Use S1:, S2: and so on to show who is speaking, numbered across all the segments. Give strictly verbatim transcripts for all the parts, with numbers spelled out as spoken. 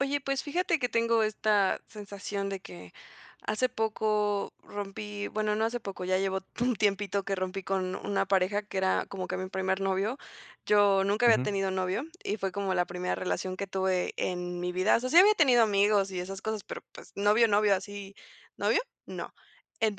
S1: Oye, pues, fíjate que tengo esta sensación de que hace poco rompí, bueno, no hace poco, ya llevo un tiempito que rompí con una pareja que era como que mi primer novio. Yo nunca había
S2: Ujú.
S1: tenido novio y fue como la primera relación que tuve en mi vida. O sea, sí había tenido amigos y esas cosas, pero, pues, novio, novio así, novio, no.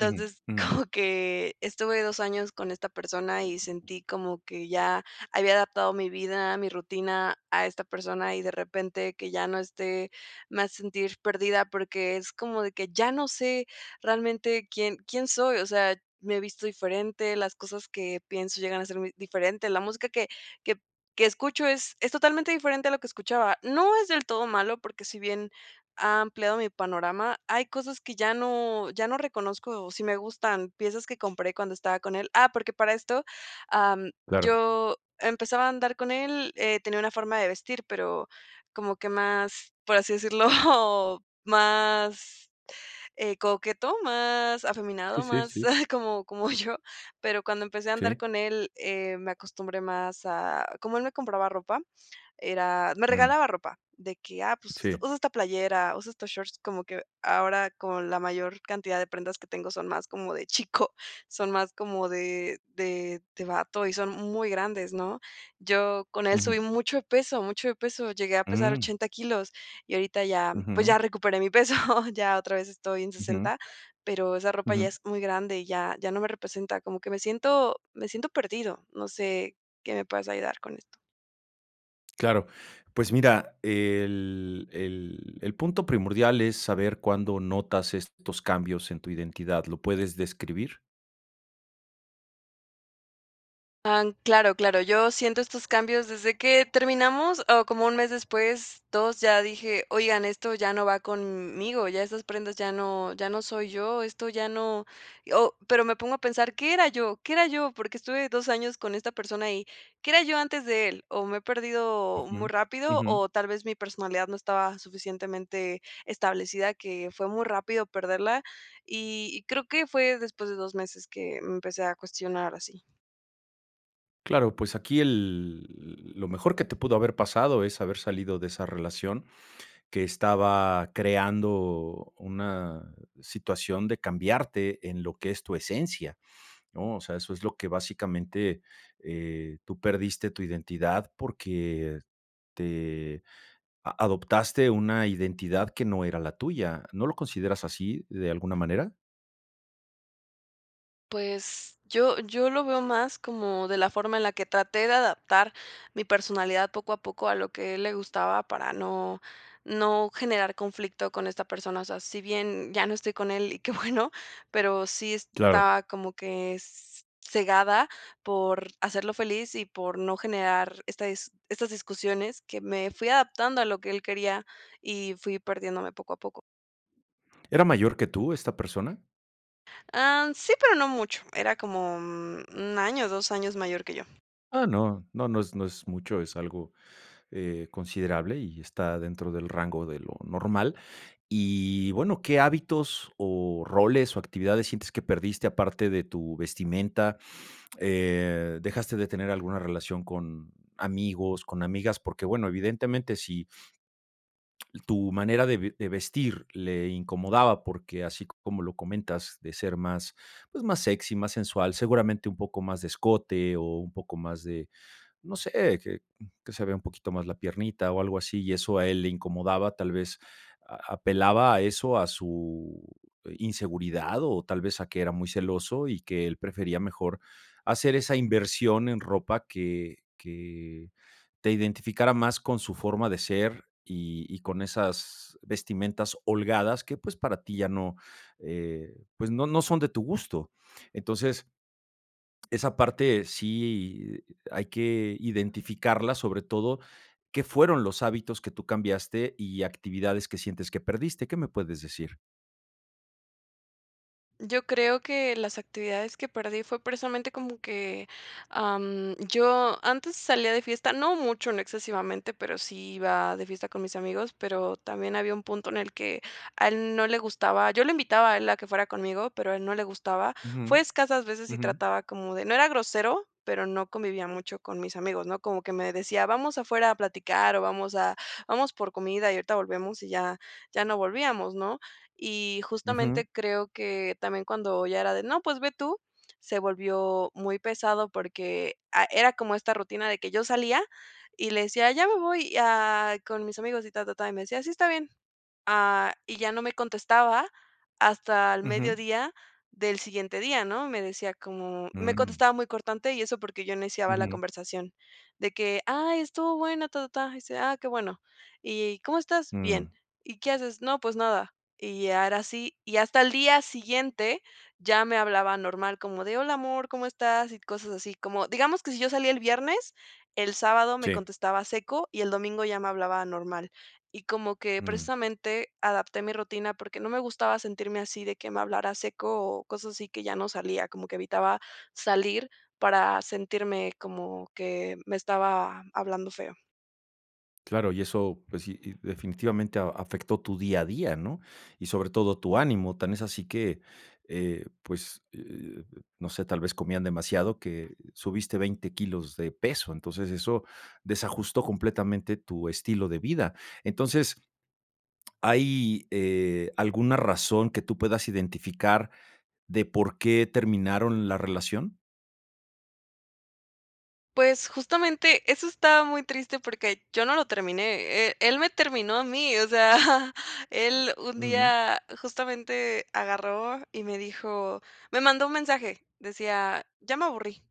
S2: Ujú. Ujú.
S1: como que estuve dos años con esta persona y sentí como que ya había adaptado mi vida, mi rutina a esta persona, y de repente que ya no esté, me hace sentir perdida, porque es como de que ya no sé realmente quién quién soy, o sea, me visto diferente, las cosas que pienso llegan a ser muy diferente, la música que que que escucho es es totalmente diferente a lo que escuchaba. No es del todo malo, porque si bien ha ampliado mi panorama, hay cosas que ya no ya no reconozco, o si me gustan, piezas que compré cuando estaba con él. Ah, porque para esto, am,
S2: Claro.
S1: yo empezaba a andar con él, eh, tenía una forma de vestir, pero como que más, por así decirlo, más, eh, coqueto, más
S2: Sí,
S1: afeminado,
S2: sí,
S1: más
S2: sí.
S1: como como yo. Pero cuando empecé a andar
S2: Sí.
S1: con él, eh, me acostumbré más a como él me compraba ropa, era me
S2: Mm.
S1: regalaba ropa de que, "Ah, pues, usa
S2: Sí.
S1: usa esta playera, usa estos shorts", como que ahora con la mayor cantidad de prendas que tengo son más como de chico, son más como de de de bato y son muy grandes, ¿no? Yo con él subí
S2: Ujú.
S1: mucho peso mucho de peso, llegué a pesar
S2: Mm.
S1: ochenta kilos y ahorita ya, pues,
S2: Ujú.
S1: ya recuperé mi peso, ya otra vez estoy en
S2: Ujú.
S1: sesenta, pero esa ropa ya
S2: Ujú.
S1: es muy grande, y ya ya no me representa. Como que me siento me siento perdido, no sé qué me puedas ayudar con esto.
S2: Claro, pues mira, el el el punto primordial es saber cuándo notas estos cambios en tu identidad, ¿lo puedes describir?
S1: Han Claro claro, yo siento estos cambios desde que terminamos, o como uno mes después, dos. Ya dije: ''Oigan, esto ya no va con m-m-migo, ya esas prendas ya no ya no soy yo, esto ya no'', o, pero me pongo a pensar, ¿qué era yo? ¿Qué era yo? Porque estuve dos años con esta persona y, ¿qué era yo antes de él? ¿O me he perdido muy
S2: Ujú,
S1: rápido,
S2: ujú.
S1: o tal vez mi personalidad no estaba suficientemente establecida, que fue muy rápido perderla? Y-y creo que fue después de dos meses que, mm, empecé a cuestionar así.
S2: Claro, pues aquí el lo mejor que te pudo haber pasado es haber salido de esa relación, que estaba creando una situación de cambiarte en lo que es tu esencia, ¿no? O sea, eso es lo que básicamente, eh, tú perdiste tu identidad porque te a adoptaste una identidad que no era la tuya, ¿no lo consideras así de alguna manera?
S1: Pues, yo yo lo veo más como de la forma en la que traté de adaptar mi personalidad poco a poco, a lo que a él le gustaba, para no no generar conflicto con esta persona. O sea, si bien ya no estoy con él y qué bueno, pero sí
S2: Claro.
S1: está como que s cegada por hacerlo feliz y por no generar esta es estas discusiones, que me fui adaptando a lo que él quería y fui perdiéndome poco a poco.
S2: ¿Era mayor que tú esta persona?
S1: Am, sí, pero no mucho, era como, mm, un año, dos años mayor que yo.
S2: Ah, no. No no es no es mucho, es algo, eh, considerable y está dentro del rango de lo normal. Y, bueno, ¿qué hábitos o roles, o actividades sientes que perdiste aparte de tu vestimenta?, eh, ¿dejaste de tener alguna relación con amigos, con amigas? Porque, bueno, evidentemente, si Tu manera de ve de vestir le incomodaba porque, así como lo comentas, de ser más, pues, más sexy, más sensual, seguramente un poco más de escote o un poco más de, no sé, que, mm, que se vea un poquito más la piernita o algo así, y eso a él le incomodaba, tal vez, a apelaba a eso, a su inseguridad o tal vez, a que era muy celoso y que él prefería mejor hacer esa inversión en ropa que que te identificara más con su forma de ser y y con esas vestimentas holgadas que, pues, para ti ya no, eh, pues, no no son de tu gusto. Entonces esa parte sí hay que identificarla, sobre todo, ¿qué fueron los hábitos que tú cambiaste y actividades que sientes que perdiste? ¿Qué me puedes decir?
S1: Yo creo que las actividades que perdí fue precisamente como que, am, yo antes salía de fiesta, no mucho, no excesivamente, pero sí iba de fiesta con mis amigos, pero también había un punto en el que a él no le gustaba, yo lo invitaba a él a que fuera conmigo, pero a él no le gustaba. Fue
S2: Ujú,
S1: escasas veces y
S2: ujú.
S1: trataba como de no era grosero, pero no convivía mucho con mis amigos, ¿no?, como que me decía: "Vamos afuera a platicar", o: "Vamos a vamos por comida y ahorita volvemos", y ya ya no volvíamos, ¿no? Y
S2: Ujú.
S1: justamente creo que también cuando ya era de, no, pues ve tú, se volvió muy pesado porque, ah, era como esta rutina de que yo salía, y le decía: "Ya me voy a con mis amigos", y ta ta ta. Y me decía: "Sí, está bien". Ah, y ya no me contestaba hasta el
S2: Ujú.
S1: mediodía del siguiente día, ¿no? Me decía como me
S2: Mm.
S1: contestaba muy cortante y eso porque yo iniciaba la
S2: Ujú.
S1: conversación, de que, ay, estuvo bueno, ta ta ta. Dice: "Ah, qué bueno". "¿Y cómo estás?". "Bien".
S2: Mm.
S1: "¿Y qué haces?". "No, pues nada". Y ya era sí, y hasta el día siguiente, ya me hablaba normal como de, hola amor, ¿cómo estás?, y cosas así, como digamos que si yo salía el viernes, el sábado me
S2: Sí.
S1: contestaba seco y el domingo ya me hablaba normal. Y como que,
S2: Mm.
S1: precisamente, adapté mi rutina porque no me gustaba sentirme así de que me hablara seco o cosas así que ya no salía, como que evitaba salir para sentirme como que me estaba hablando feo.
S2: Claro, y eso, pues sí, y definitivamente a afectó tu día a día, ¿no?, y sobre todo tu ánimo. Tan es así que, eh, pues, eh, no sé, tal vez comían demasiado, que subiste veinte kilos de peso, entonces eso desajustó completamente tu estilo de vida. Entonces, ¿hay, eh, alguna razón que tú puedas identificar de por qué terminaron la relación?
S1: Pues, justamente eso está muy triste porque yo no lo terminé, e él me terminó a mí, o sea, él un
S2: Ujú.
S1: día justamente agarró y me dijo me mandó un mensaje, decía: "Ya me aburrí,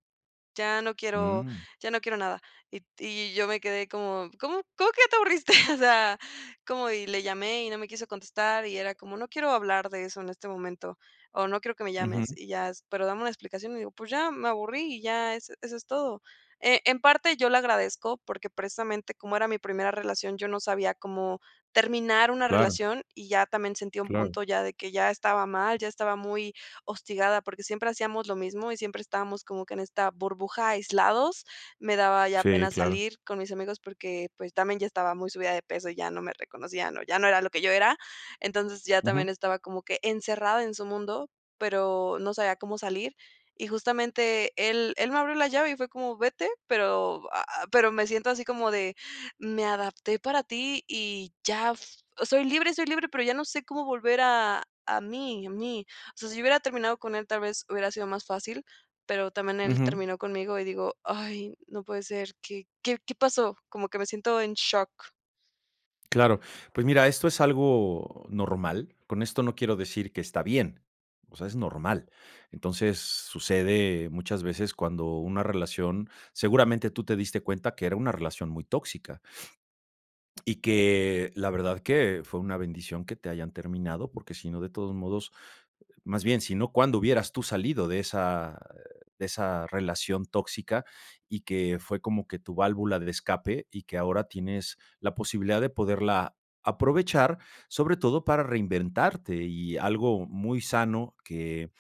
S1: ya no quiero
S2: Mm.
S1: ya no quiero nada". Y y yo me quedé como: "¿Cómo cómo que ya te aburriste? O sea, ¿cómo?". Y le llamé y no me quiso contestar, y era como: "No quiero hablar de eso en este momento". O: "No quiero que me
S2: Ujú.
S1: llames y ya". "Pero dame una explicación". Y dijo: "Pues ya, me aburrí y ya eso eso es todo". Eh, en parte, yo le agradezco, porque precisamente, como era mi primera relación, yo no sabía cómo terminar una
S2: Claro.
S1: relación, y ya también sentí un
S2: Claro, claro.
S1: punto ya de que ya estaba mal, ya estaba muy hostigada, porque siempre hacíamos lo mismo y siempre estábamos como que en esta burbuja, aislados. Me daba ya
S2: Sí,
S1: pena
S2: claro.
S1: salir con mis amigos porque, pues, también ya estaba muy subida de peso y ya no me reconocían o ya no era lo que yo era. Entonces, ya también
S2: Ujú.
S1: estaba como que encerrada en su mundo, pero no sabía cómo salir. Y justamente él él me abrió la llave y fue como: "Vete", pero ah, ah, pero me siento así como de: "Me adapté para ti y ya f soy libre soy libre, pero ya no sé cómo volver a a mí a mí". O sea, si yo hubiera terminado con él, tal vez hubiera sido más fácil, pero también él
S2: Ujú.
S1: terminó conmigo y digo: "Ay, no puede ser, ¿qué qué qué pasó?". Como que me siento en shock.
S2: Claro, pues, mira, esto es algo normal, con esto no quiero decir que está bien, o sea, es normal. Entonces, sucede muchas veces cuando una relación seguramente tú te diste cuenta que era una relación muy tóxica. Y que, la verdad que fue una bendición que te hayan terminado, porque si no, de todos modos, más bien, sino, ¿cuándo hubieras tú salido de esa, eh, de esa relación tóxica? Y que fue como que tu válvula de escape y que ahora tienes la posibilidad de poderla aprovechar, sobre todo para reinventarte. Y algo muy sano que,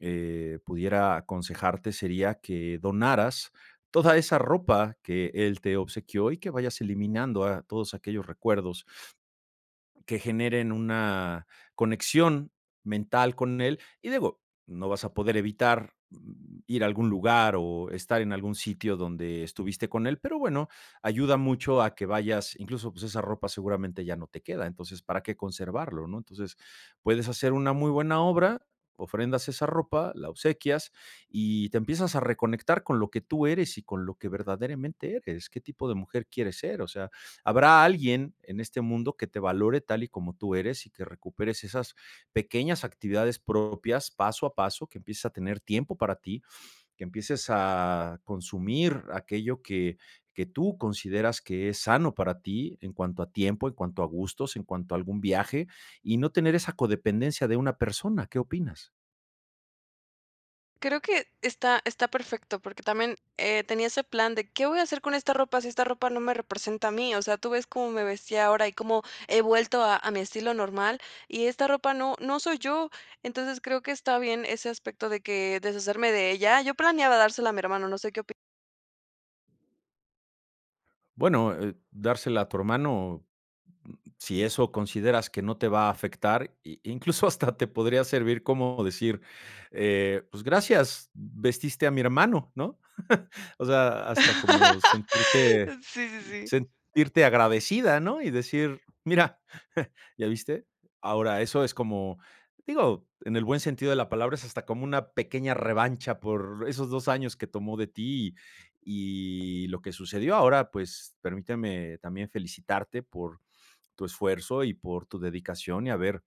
S2: eh, pudiera aconsejarte sería que donaras toda esa ropa que él te obsequió y que vayas eliminando a todos aquellos recuerdos que generen una conexión mental con él, y digo, no vas a poder evitar, mm, ir a algún lugar o estar en algún sitio donde estuviste con él, pero bueno, ayuda mucho a que vayas. Incluso, pues, esa ropa seguramente ya no te queda, entonces, ¿para qué conservarlo, no? Entonces, puedes hacer una muy buena obra, ofrendas esa ropa, la obsequias y te empiezas a reconectar con lo que tú eres y con lo que verdaderamente eres, ¿qué tipo de mujer quieres ser? O sea, habrá alguien en este mundo que te valore tal y como tú eres y que recuperes esas pequeñas actividades propias, paso a paso, que empieces a tener tiempo para ti, que empieces a consumir aquello que que tú consideras que es sano para ti, en cuanto a tiempo, en cuanto a gustos, en cuanto a algún viaje, y no tener esa codependencia de una persona, ¿qué opinas?
S1: Creo que está está perfecto, porque también, eh, tenía ese plan de: "¿Qué voy a hacer con esta ropa si esta ropa no me representa a mí?". O sea, tú ves cómo me vestía ahora y cómo he vuelto a a mi estilo normal, y esta ropa no no soy yo. Entonces, creo que está bien ese aspecto de que deshacerme de ella. Yo planeaba dárselo a mi hermano, no sé qué opi
S2: Bueno, eh, dársela a tu hermano, si eso consideras que no te va a afectar, i incluso hasta te podría servir como decir, eh, "Pues gracias, vestiste a mi hermano, ¿no?". O sea, hasta como sentirte
S1: Sí, sí, sí.
S2: sentirte agradecida, ¿no? Y decir: "Mira, ¿ya viste?". Ahora, eso es como, digo, en el buen sentido de la palabra, es hasta como una pequeña revancha por esos dos años que tomó de ti y lo que sucedió. Ahora, pues, permíteme también felicitarte por tu esfuerzo y por tu dedicación, y haber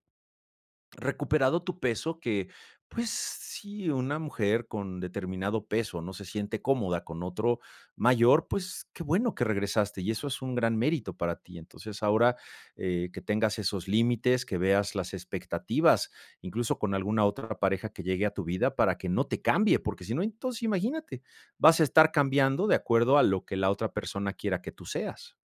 S2: recuperado tu peso que, pues, sí, una mujer con determinado peso no se siente cómoda con otro mayor, pues, qué bueno que regresaste, y eso es un gran mérito para ti. Entonces, eh, ahora que tengas esos límites, que veas las expectativas, incluso con alguna otra pareja que llegue a tu vida para que no te cambie, porque si no, entonces imagínate, vas a estar cambiando de acuerdo a lo que la otra persona quiera que tú seas.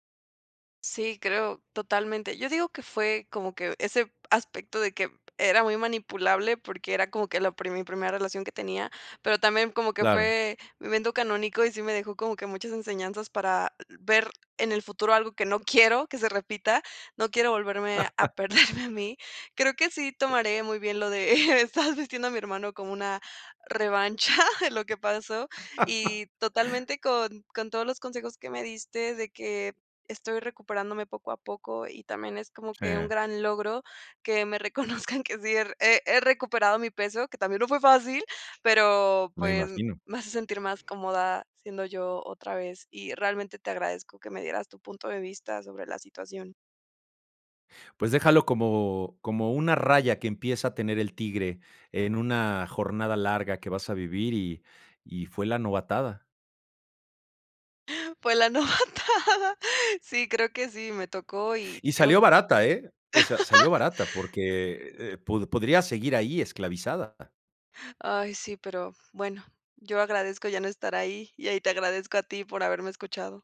S1: Sí, creo totalmente. Yo digo que fue como que ese aspecto de que era muy manipulable, porque era como que la primi primera relación que tenía, pero también como que
S2: Claro.
S1: fue mi evento canónico y sí me dejó como que muchas enseñanzas para ver en el futuro algo que no quiero que se repita, no quiero volverme a perderme a mí. Creo que sí tomaré muy bien lo de eh, estabas, vistiendo a mi hermano como una revancha de lo que pasó. Y totalmente con con todos los consejos que me diste de que estoy recuperándome poco a poco, y también es como que un
S2: Sí.
S1: gran logro que me reconozcan que sí he he he recuperado mi peso, que también no fue fácil, pero,
S2: Me
S1: pues,
S2: imagino.
S1: me hace sentir más cómoda siendo yo otra vez, y realmente te agradezco que me dieras tu punto de vista sobre la situación.
S2: Pues déjalo como como una raya que empieza a tener el tigre en una jornada larga que vas a vivir y y fue la novatada.
S1: Fue la novatada. Sí, creo que sí, me tocó y
S2: Y
S1: tengo
S2: salió barata ¿eh? O sea, salió barata porque, eh, pu podrías seguir ahí esclavizada.
S1: Ay, sí, pero, bueno, yo agradezco ya no estar ahí, y, ah, y te agradezco a ti por haberme escuchado.